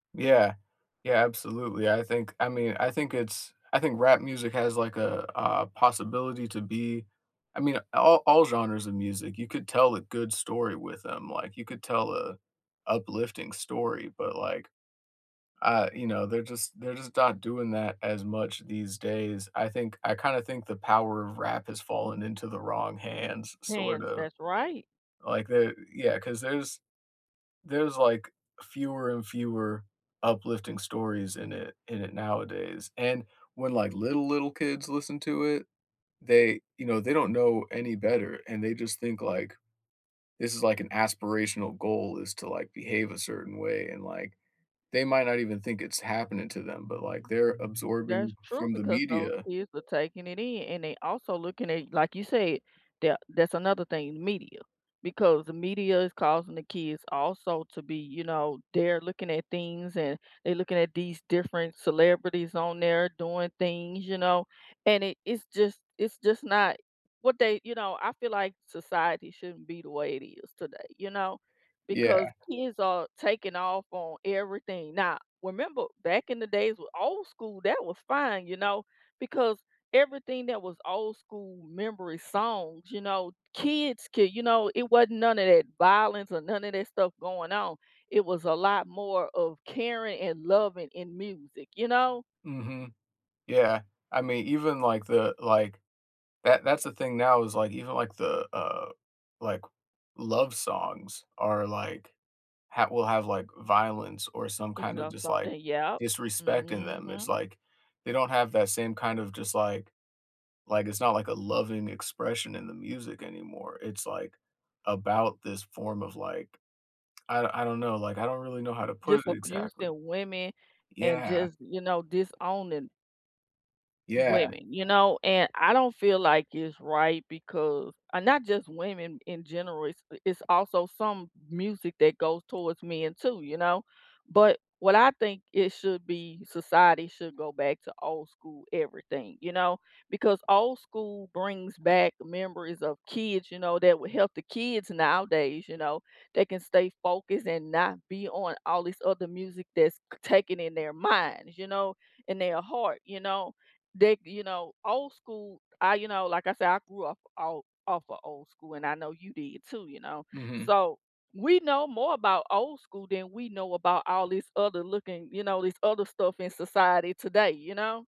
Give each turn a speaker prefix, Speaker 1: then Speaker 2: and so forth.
Speaker 1: Yeah. Yeah, absolutely, I think I mean, I think it's I think rap music has, like, a a possibility to be I mean, all all genres of music, you could tell a good story with them, like, you could tell a uplifting story, but, like, uh, you know, they're just they're just dot doing that as much these days, I think I kinda think the power of rap has fallen into the wrong hands, sort
Speaker 2: Hands,
Speaker 1: of.
Speaker 2: that's right.
Speaker 1: Like the Yeah, 'cause there's there's, like, fewer and fewer uplifting stories in it in it nowadays, and when, like, little little kids listen to it, they, you know, they don't know any better, and they just think, like, this is, like, an aspirational goal is to, like, behave a certain way, and, like, they might not even think it's happening to them, but, like, they're
Speaker 2: That's
Speaker 1: absorbing
Speaker 2: true
Speaker 1: from the
Speaker 2: because those
Speaker 1: media.
Speaker 2: kids are taking it in, and they also looking at like you said, that that's another thing, media. Because the media is causing the kids also to be, you know they're looking at things, and they're looking at these different celebrities on there doing things, you know, and it it's just it's just not What they You know, I feel like society shouldn't be the way it is today, you know? Because
Speaker 1: Yeah.
Speaker 2: kids are taking off on everything. Now, remember back in the days with old school, that was fine, you know, because everything that was old school memory songs, you know, kids could, you know It wasn't none of that violence, or none of that stuff going on, it was a lot more of caring and loving in music, you know?
Speaker 1: Mhm. Yeah, I mean, even like the, like That that's the thing now is, like, even like the, uh, like, love songs are, like ha will have, like, violence or some
Speaker 2: It's
Speaker 1: kind of
Speaker 2: not
Speaker 1: just, like,
Speaker 2: something Yep.
Speaker 1: disrespect in
Speaker 2: Mhm,
Speaker 1: them, it's
Speaker 2: hmm.
Speaker 1: like, they don't have that same kind of just, like Like, it's not like a loving expression in the music anymore, it's like, about this form of, like I don't I don't know, like, I don't really know how to put
Speaker 2: Just
Speaker 1: it exactly.
Speaker 2: abusing women, and
Speaker 1: Yeah.
Speaker 2: just, you know, disowning
Speaker 1: Yeah.
Speaker 2: women, you know, and I don't feel like it's right because and not just women in general, it's, uh it's also some music that goes towards men too, you know, but what I think it should be Society should go back old school everything, you know? Because old school brings back memories of kids, you know, that would help the kids nowadays, you know, they can stay focused and not be on all these other music that's c taken in their minds, you know, in their heart, you know, they you know, old school I You know, like I said, I grew up all off of old school, and I know you did, too, you know?
Speaker 1: Mhm.
Speaker 2: So, we know more about old school than we know about all this other looking you know, this other stuff in society today, you know?